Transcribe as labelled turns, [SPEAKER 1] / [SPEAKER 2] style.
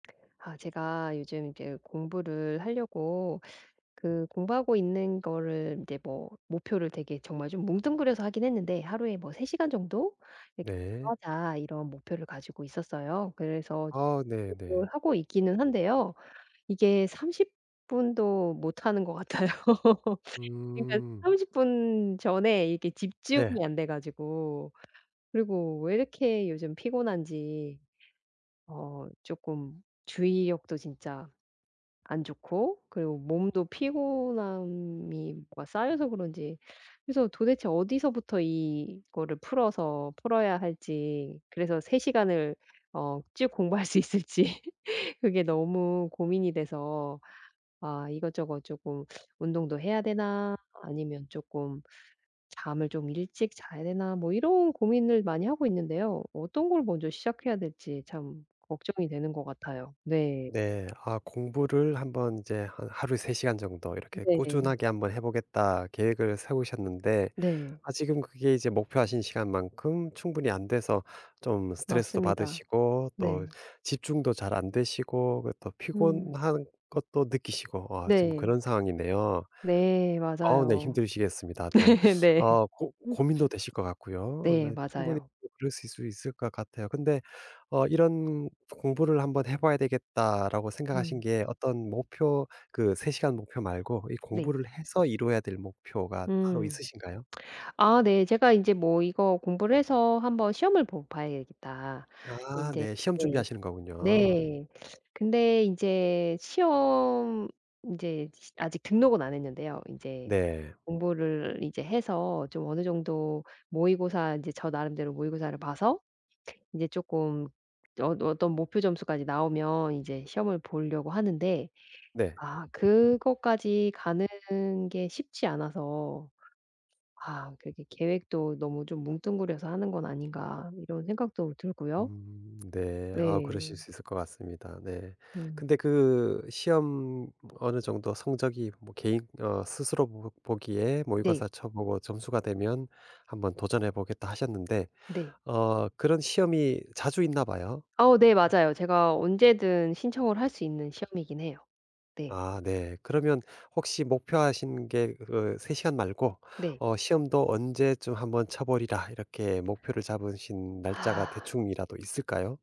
[SPEAKER 1] 아 제가 요즘 인제 공부를 하려고, 그 공부하고 있는 거를 인제 뭐 목표를 되게 정말 좀 뭉뚱그려서 하긴 했는데 '하루에 뭐 3 시간 정도 이렇게
[SPEAKER 2] 네.
[SPEAKER 1] 하자.' 이런 목표를 가지고 있었어요. 그래서
[SPEAKER 2] 아 네네.
[SPEAKER 1] [unintelligible] 하고 있기는 한데요. 이게 30 도 못하는 것 같아요. 그러니까
[SPEAKER 2] 음.
[SPEAKER 1] 30 전에 이게
[SPEAKER 2] 네.
[SPEAKER 1] 집중이 안 돼 가지고 그리고 왜 이렇게 요즘 피곤한지 어 쪼끔 주의력도 진짜 안 좋고 그리고 몸도 피곤함이 뭐가 쌓여서 그런지, 그래서 도대체 어디서부터 이거를 풀어서 풀어야 할지 그래서 3 을 어 쭉 공부할 수 있을지 그게 너무 고민이 돼서, 아 이것저것 쪼끔 운동도 해야 되나, 아니면 쪼끔 잠을 좀 일찍 자야 되나 뭐 이런 고민을 많이 하고 있는데요. 어떤 걸 먼저 시작해야 될지 참 걱정이 되는 것 같아요. 네.
[SPEAKER 2] 네 아 공부를 1 번 이제 한 하루에 3 간 정도 이렇게
[SPEAKER 1] 네.
[SPEAKER 2] 꾸준하게 한번 해보겠다. 계획을 세우셨는데
[SPEAKER 1] 네.
[SPEAKER 2] 아직은 그게 이제 목표하신 시간만큼 충분히 안 돼서 좀 스트레스도
[SPEAKER 1] 맞습니다.
[SPEAKER 2] 받으시고, 또
[SPEAKER 1] 네.
[SPEAKER 2] 집중도 잘 안 되시고, 그 또
[SPEAKER 1] 음.
[SPEAKER 2] 피곤한 것도 느끼시고 아 지금
[SPEAKER 1] 네.
[SPEAKER 2] 그런 상황이네요.
[SPEAKER 1] 네,
[SPEAKER 2] 어우 네
[SPEAKER 1] 맞아요.
[SPEAKER 2] 힘드시겠습니다. 또
[SPEAKER 1] 네
[SPEAKER 2] 어 고
[SPEAKER 1] 음.
[SPEAKER 2] 고민도 되실 것 같고요. 어
[SPEAKER 1] 네,
[SPEAKER 2] 네 충분히
[SPEAKER 1] 맞아요.
[SPEAKER 2] 그러실 수 있을 것 같아요. 근데 어 이런 "공부를 한 번 해봐야 되겠다."라고 생각하신
[SPEAKER 1] 음.
[SPEAKER 2] 게 어떤 목표, 그 3 간 목표 말고 이
[SPEAKER 1] 네.
[SPEAKER 2] 공부를 해서 이루어야 될 목표가 따로
[SPEAKER 1] 음.
[SPEAKER 2] 있으신가요?
[SPEAKER 1] 아 네 제가 인제 뭐 이거 공부를 해서 1 번 시험을 보 봐야 되겠다.
[SPEAKER 2] 아
[SPEAKER 1] 인제
[SPEAKER 2] 네, 시험
[SPEAKER 1] 네.
[SPEAKER 2] 준비하시는 거군요.
[SPEAKER 1] 네. 근데 인제 시험 인제 시 아직 등록은 안 했는데요. 인제
[SPEAKER 2] 네.
[SPEAKER 1] 공부를 이제 해서 좀 어느 정도 모의고사 이제 저 나름대로 모의고사를 봐서 인제 쪼끔 어 어떤 목표 점수까지 나오면 인제 시험을 보려고 하는데,
[SPEAKER 2] 네.
[SPEAKER 1] 아 그거까지 가는 게 쉽지 않아서 아 그게 '계획도 너무 좀 뭉뚱그려서 하는 건 아닌가.' 이런 생각도 들고요.
[SPEAKER 2] 음 네 아 그러실
[SPEAKER 1] 네.
[SPEAKER 2] 수 있을 것 같습니다. 네
[SPEAKER 1] 음.
[SPEAKER 2] 근데 그 시험 어느 정도 성적이 뭐 개인 어 스스로 뭔가 보 보기에
[SPEAKER 1] 네.
[SPEAKER 2] 모의고사 쳐보고 점수가 되면, 1 번 도전해 보겠다 하셨는데,
[SPEAKER 1] 네.
[SPEAKER 2] 어 그런 시험이 자주 있나 봐요.
[SPEAKER 1] 어 네,
[SPEAKER 2] 어.
[SPEAKER 1] 맞아요. 제가 언제든 신청을 할 수 있는 시험이긴 해요. 네.
[SPEAKER 2] 아 네. 그러면 혹시 목표하신 게 그 3 시간 말고
[SPEAKER 1] 네.
[SPEAKER 2] 어 시험도 언제쯤 1 번 쳐 보리라 이렇게 목표를 잡으신 날짜가 대충이라도 있을까요?